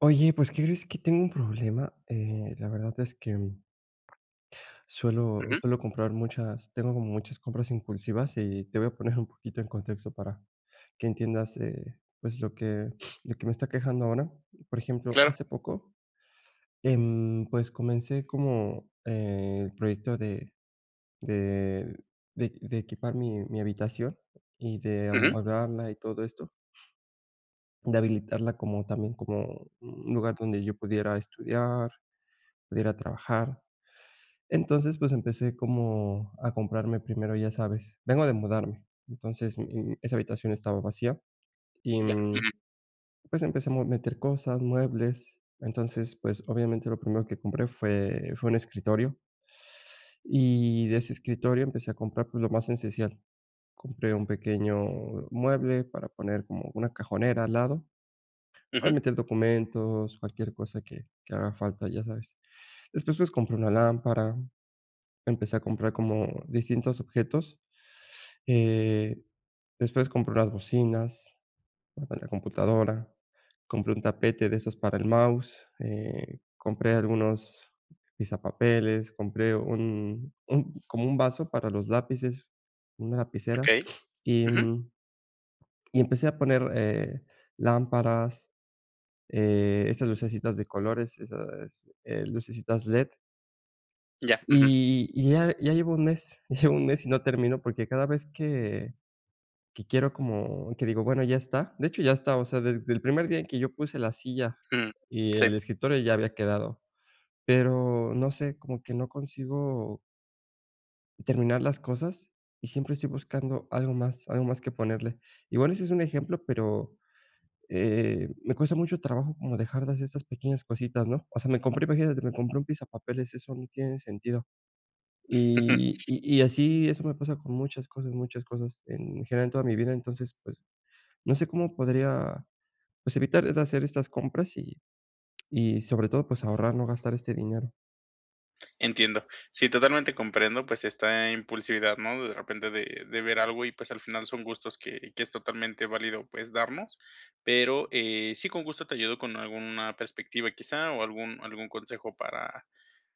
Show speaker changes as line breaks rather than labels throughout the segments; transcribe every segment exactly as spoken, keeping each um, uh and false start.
Oye, pues, crees que tengo un problema, eh, la verdad es que, suelo
Ujú.
suelo comprar muchas tengo como muchas compras impulsivas, y te voy a poner un poquito en contexto para que entiendas, eh, pues, lo que lo que me está quejando ahora, por ejemplo,
Claro.
hace poco, em, pues, comencé como, eh, el proyecto de de de de equipar mi mi habitación y de
Ujú.
amueblarla y todo esto de habilitarla como también, como un lugar donde yo pudiera estudiar, pudiera trabajar. Entonces pues empecé como a comprarme primero, ya sabes vengo de mudarme, entonces, eh, esa habitación estaba vacía y,
Ya,
mm,
ujú.
pues, empezamos a meter cosas, muebles, entonces pues, obviamente lo primero que compré fue fue un escritorio, y de ese escritorio empecé a comprar, pues lo más esencial, compré un pequeño mueble para poner como una cajonera al lado, para
Ujú.
meter documentos, cualquier cosa que que haga falta, ya sabes, después pues, compré una lámpara, empecé a comprar como distintos objetos, eh, después compré unas bocinas para la computadora, compré un tapete de esos para el mouse, eh, compré algunos pisapapeles, compré un un como un vaso para los lápices, una lapicera
Okey,
y
ujú.
un y empecé a poner, eh, lámparas, eh, esas lucecitas de colores, esas, eh, lucecitas led.
Ya, ujú.
Y y ya, ya llevo un mes llevo un mes y no termino porque, cada vez que que quiero como que digo: "Bueno, ya está", de hecho, ya está, o sea, desde el primer día en que yo puse la silla
Ujú,
y
sí.
el escritor ya había quedado, pero, no sé como que no consigo terminar las cosas y siempre estoy buscando algo más algo más que ponerle. Igual ese es un ejemplo, pero, eh, me cuesta mucho trabajo como dejar de hacer esas pequeñas cositas, ¿no? O sea, me compré, imagínate, me compré un pisapapeles, eso no tiene sentido. Y y y así eso me pasa con muchas cosas muchas cosas en general en toda mi vida, entonces, pues, no sé, cómo podría, pues, evitar de hacer estas compras y y sobre todo, pues ahorrar, no gastar este dinero.
Entiendo. Sí, totalmente comprendo, pues, está impulsividad, ¿no? De repente de de ver algo y pues al final son gustos que que es totalmente válido, pues, darnos, pero, eh, sí, con gusto te ayudo con alguna perspectiva, quizá, o algún algún consejo para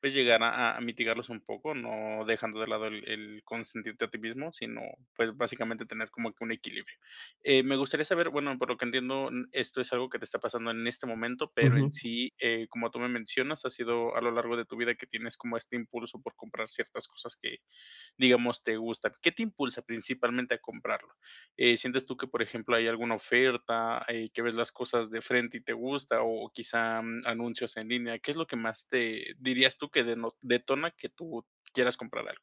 pues, llegar a a a mitigarlos un poco, no dejando de lado el el consentirte a ti mismo, sino, pues, básicamente tener como que un equilibrio, eh, me gustaría saber, bueno, por lo que entiendo, mm, esto es algo que te está pasando en este momento, pero en
Ujú.
sí, eh, como tú me mencionas, ha sido a lo largo de tu vida que tienes como este impulso por comprar ciertas cosas que digamos, te gusta, ¿qué te impulsa principalmente a comprarlo? Eh, ¿sientes tú que, por ejemplo, hay alguna oferta, eh, que ves las cosas de frente y te gusta o quizá, mm, anuncios en línea? ¿Qué es lo que más te dirías tú que de no detona que tú quieras comprar algo?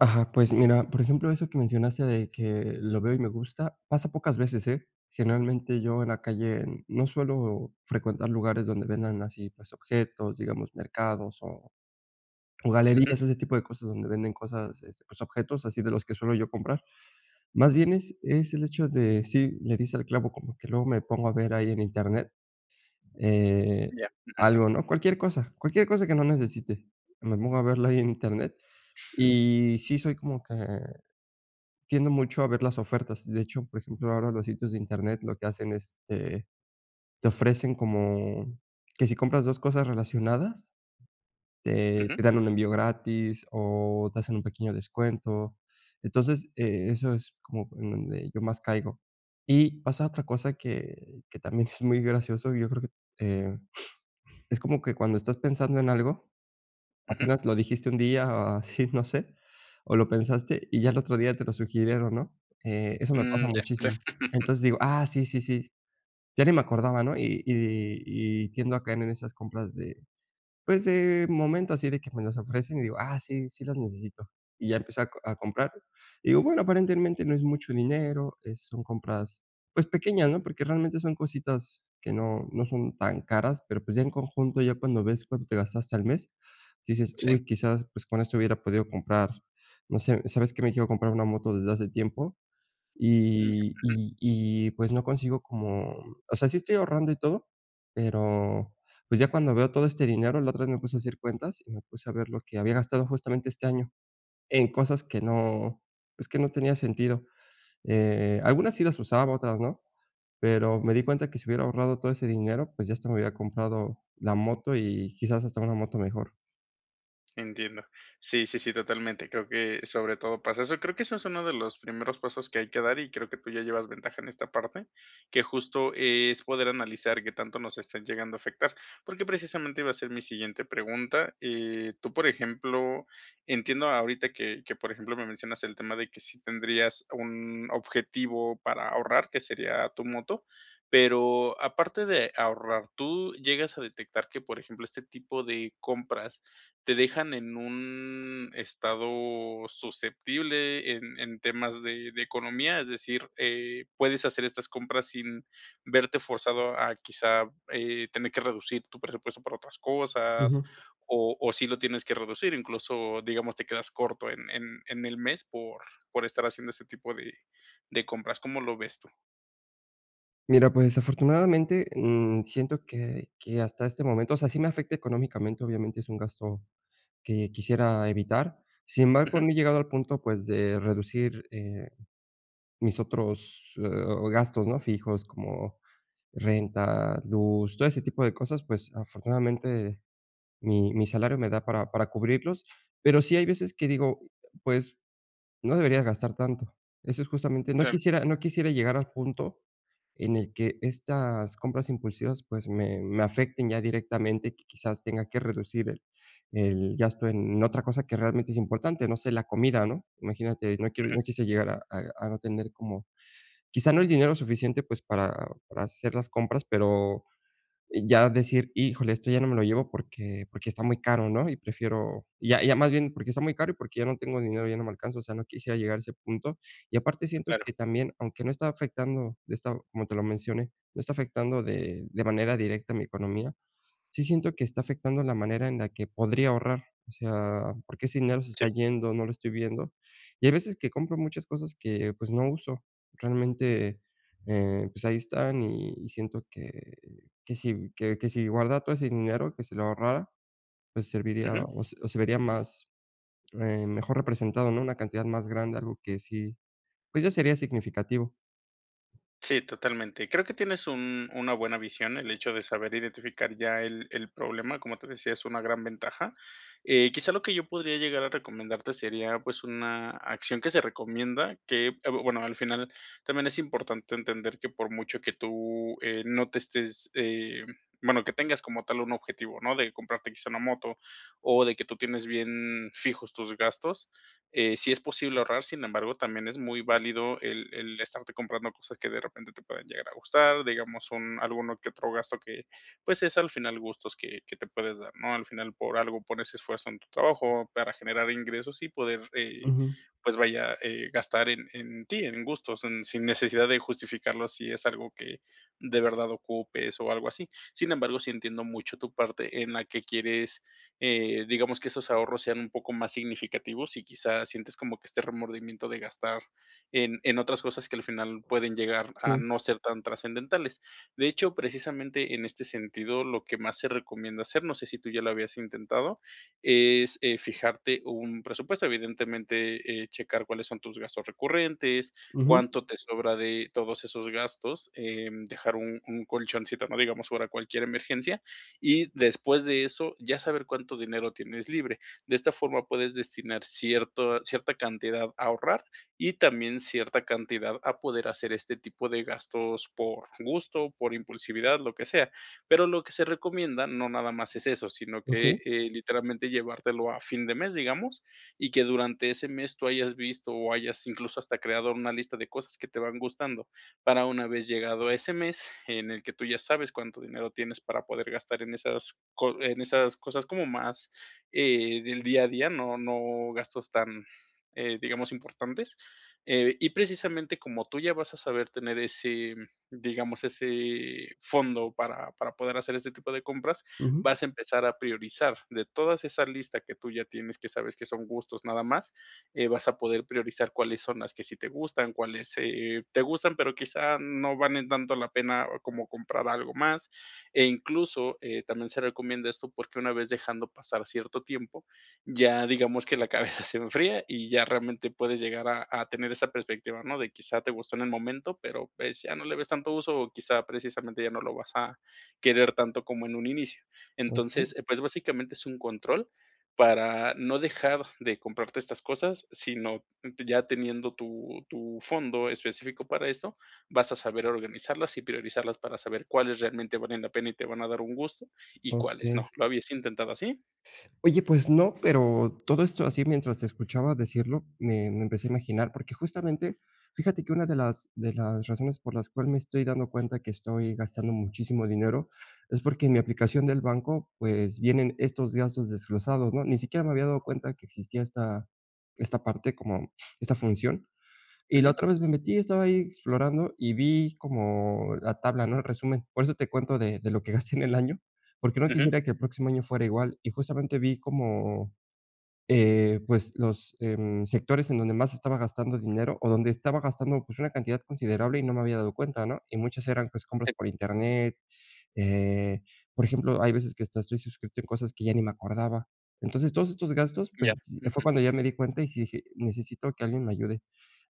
Ajá. Pues mira, por ejemplo, eso que mencionaste de que lo veo y me gusta, pasa pocas veces, ¿eh? Generalmente, yo en la calle no suelo frecuentar lugares donde vendan así, pues, objetos, digamos mercados o o
Ujú.
galerías o ese tipo de cosas donde venden cosas, este, pues, objetos así de los que suelo yo comprar, más bien, es es el hecho de sí, le diste al clavo, como que luego me pongo a ver ahí en internet, eh,
Ya. Ujú.
algo, ¿no?, cualquier cosa, cualquier cosa que no necesite, me pongo a verla ahí en internet. Y sí, soy como que tiendo mucho a ver las ofertas. De hecho, por ejemplo, ahora los sitios de internet lo que hacen, este, te ofrecen como que si compras dos cosas relacionadas. Te
Ujú.
te dan un envío gratis o te hacen un pequeño descuento. Entonces, eh, eso es como en donde yo más caigo. Y pasa otra cosa que que también es muy gracioso. Y yo creo que, eh, es como que cuando estás pensando en algo,
Ujú.
apenas lo dijiste un día o así, no sé, o lo pensaste y ya el otro día te lo sugirieron, ¿no? Eh, eso me pasa
Mm, ya. Sí.
muchísimo. Entonces, digo: "Ah, sí, sí, sí, ya ni me acordaba, ¿no?" Y y y tiendo a caer en esas compras de pues, de momento así de que me las ofrecen y digo: "Ah, sí, sí las necesito". Y ya empecé a co a comprar, y digo, bueno, aparentemente no es mucho ninero, es son compras, pues, pequeñas, ¿no?, porque, realmente, son cositas que no no son tan caras, pero, pues, ya en conjunto ya cuando ves cuánto te gastaste al mes, dices:
Sí.
"Uy, quizás, pues, con esto hubiera podido comprar". No sé, ¿sabes?, que me quiero comprar una moto desde hace tiempo
Mm,
y
ujú.
y y, pues, no consigo como o sea, sí estoy ahorrando y todo, pero, pues, ya cuando veo todo este dinero, la otra vez me puse a hacer cuentas y me puse a ver lo que había gastado justamente este año en cosas que no, pues, que no tenía sentido, eh, algunas sí las usaba, otras no, pero me di cuenta que si hubiera ahorrado todo ese dinero, pues, ya hasta me hubiera comprado la moto y, quizás, hasta una moto mejor.
Entiendo. Sí, sí, sí, totalmente, creo que sobre todo pasa eso, y creo que eso es uno de los primeros pasos que hay que dar y creo que tú ya llevas ventaja en esta parte, que justo es poder analizar que tanto nos estén llegando a afectar, porque, precisamente iba a ser mi siguiente pregunta, eh, tú, por ejemplo, entiendo, ahorita que que por ejemplo, me mencionas el tema de que sí tendrías un objetivo para ahorrar, que sería tu moto, pero, aparte de ahorrar, tú llegas a detectar que, por ejemplo, este, tipo de compras te dejan en un estado susceptible en en temas de de economía, es decir, eh, puedes hacer estas compras sin verte forzado a quizá eh, ¿tener que reducir tu presupuesto para otras cosas,
Ujú.
o o sí lo tienes que reducir, incluso, digamos, te quedas corto en en en el mes por por estar haciendo ese tipo de de compras? ¿Cómo lo ves tú?
Mira, pues, afortunadamente, mm, siento que que hasta este momento, o sea, sí me afecta económicamente. Obviamente, es un gasto que quisiera evitar. Sin embargo,
Ujú.
no he llegado al punto, pues, de reducir, eh, mis otros, eh, gastos, no fijos como renta, luz, todo ese tipo de cosas. Pues, afortunadamente, mi mi salario me da para para cubrirlos, pero sí hay veces que digo, pues, no deberías gastar tanto, eso es justamente, no
Claro.
quisiera no quisiera llegar al punto en el que estas compras impulsivas, pues, me me afecten ya directamente y que quizás tenga que reducir el el gasto en otra cosa que realmente es importante, no sé, la comida, ¿no? Imagínate, no quiero
Ujú.
no quise llegar a a a no tener como quizá, no el dinero suficiente, pues, para para hacer las compras, pero, ya decir híjole, esto ya no me lo llevo porque porque está muy caro, ¿no? Y prefiero ya ya más bien porque está muy caro y porque, ya no tengo dinero ya no me alcanzo. O sea, no quisiera llegar a ese punto y aparte, siento
Claro.
que también, aunque no está afectando de esta como te lo mencioné, no está afectando de de manera directa a mi economía. Sí, siento que está afectando la manera en la que podría ahorrar. O sea, porque, ese dinero se está
Sí.
yendo, no lo estoy viendo, y hay veces que compro muchas cosas que pues, no uso realmente, eh, pues ahí están y y siento que que si que que si guardara todo ese dinero, que si lo ahorrara, pues, serviría
Ujú.
o o se vería más, eh, mejor representado, ¿no? Una cantidad más grande, algo que sí, pues, ya sería significativo.
Sí, totalmente. Creo que tienes un una buena visión, el hecho de saber identificar ya el el problema, como te decía, es una gran ventaja. Eh, quizás lo que yo podría llegar a recomendarte sería, pues, una acción que se recomienda que, eh, bueno, al final también es importante entender que por mucho que tú, eh, no te estés, eh, bueno, que tengas como tal un objetivo, ¿no? De comprarte quizás una moto o de que tú tienes bien fijos tus gastos, eh, si es posible ahorrar, sin embargo, también es muy válido el el estarte comprando cosas que de repente te puedan llegar a gustar, digamos, un alguno que otro gasto que pues, es al final gustos que que te puedes dar, ¿no? Al final por algo pones esfuerzo en tu trabajo, para generar ingresos y poder eh,
Ujú.
pues vaya eh, gastar en en ti en gustos, mm, sin necesidad de justificarlo si es algo que de verdad ocupes o algo así. Sin embargo, sí entiendo mucho tu parte en la que quieres, eh, digamos que esos ahorros sean un poco más significativos y quizás sientes como que este remordimiento de gastar en en otras cosas que al final pueden llegar a
Sí.
no ser tan trascendentales. De hecho, precisamente en este sentido, lo que más se recomienda hacer, no sé, si tú ya lo habías intentado, es, eh, fijarte un presupuesto, evidentemente, eh, checar cuáles son tus gastos recurrentes,
Ujú.
cuánto te sobra de todos esos gastos, eh, dejar un un colchoncito, no digamos ahora cualquier emergencia, y después de eso, ya saber cuánto dinero tienes libre. De esta forma puedes destinar cierto cierta cantidad a ahorrar y también cierta cantidad a poder hacer este tipo de gastos por gusto, por impulsividad, lo que sea, pero, lo que se recomienda no nada más es eso, sino que,
Okey.
eh, literalmente llevártelo a fin de mes, digamos, y que durante ese mes, tú hayas visto o hayas incluso hasta creado una lista de cosas que te van gustando para una vez llegado ese mes en el que tú ya sabes cuánto dinero tienes para poder gastar en esas co en esas cosas como más, eh, del día a día. No no gastos tan, eh, digamos importantes, eh, y precisamente como tú ya vas a saber tener ese digamos, ese fondo para para poder hacer este tipo de compras,
Ujú.
vas a empezar a priorizar, de todas esas listas que tú ya tienes, que sabes que son gustos, nada más, eh, vas a poder priorizar cuáles son las que sí te gustan, cuáles, eh, te gustan, pero, quizás no valen tanto la pena como comprar algo más, e incluso, eh, también se recomienda esto porque una vez dejando pasar cierto tiempo, ya digamos que la cabeza se enfría y ya realmente puedes llegar a a tener esa perspectiva, ¿no? De quizá te gustó en el momento, pero, pues ya no le ves tanto uso o quizá precisamente ya no lo vas a querer tanto como en un inicio.
Okey.
Entonces, pues, básicamente es un control, para no dejar de comprarte estas cosas, sino t ya teniendo tu tu fondo específico para eso, vas a saber organizarlas y priorizarlas para saber cuáles realmente valen la pena y te van a dar un gusto y cuáles no.
Okey.
¿Lo habías intentado así?
Oye, pues no, pero, todo esto así mientras te escuchaba decirlo, me me empecé a imaginar porque, justamente, fíjate que una de las de las razones por las cuales me estoy dando cuenta que estoy gastando muchísimo dinero es porque, en mi aplicación del banco, pues vienen estos gastos desglosados, ¿no? Ni siquiera me había dado cuenta de que existía esta esta parte como esta función. Y la
Ujú.
otra vez me metí y estaba ahí explorando, y vi como la tabla, ¿no? El resumen, por eso te cuento de de lo que gasté en el año porque, no
Ujú.
quisiera que el próximo año fuera igual. Y justamente vi como, eh, pues, los, eh, mm, sectores en donde más estaba gastando dinero, o donde estaba gastando, pues, una cantidad considerable y no me había dado cuenta, ¿no? Y muchas eran, pues, compras
Sí.
por internet, eh, por ejemplo, hay veces que hasta estoy suscrito a cosas que ya ni me acordaba. Entonces todos estos gastos,
Ya.
pues, fue
Ujú.
cuando ya me di cuenta y sí dije: "Necesito que alguien me ayude".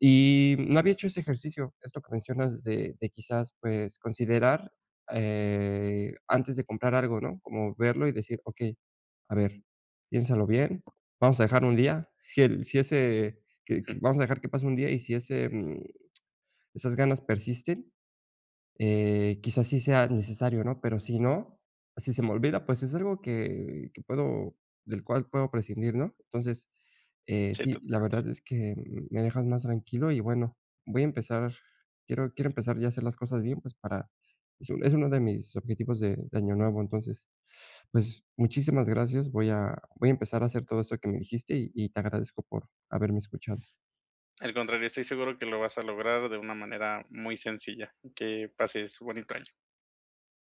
Y no había hecho ese ejercicio, esto que mencionas de de quizás pues, considerar, eh, antes de comprar algo, ¿no? Como verlo y decir: "Okey, a ver, piénsalo bien, vamos a dejar un día", si el si ese que que
Ujú.
vamos a dejar que pase un día y si ese, mm, esas ganas persisten, eh, quizás sí sea necesario, ¿no? Pero, si no, si se me olvida, pues es algo que que puedo del cual puedo prescindir, ¿no? Entonces, eh,
Sí,
sí, la
[unintelligible]
verdad es que me dejas más tranquilo y bueno, voy a empezar. Quiero quiero empezar ya a hacer las cosas bien, pues, para es es uno de mis objetivos de de Año Nuevo, entonces, pues, muchísimas gracias, voy a voy a empezar a hacer todo esto que me dijiste y y te agradezco por haberme escuchado.
Al contrario, estoy seguro que lo vas a lograr de una manera muy sencilla, que pases bonito año.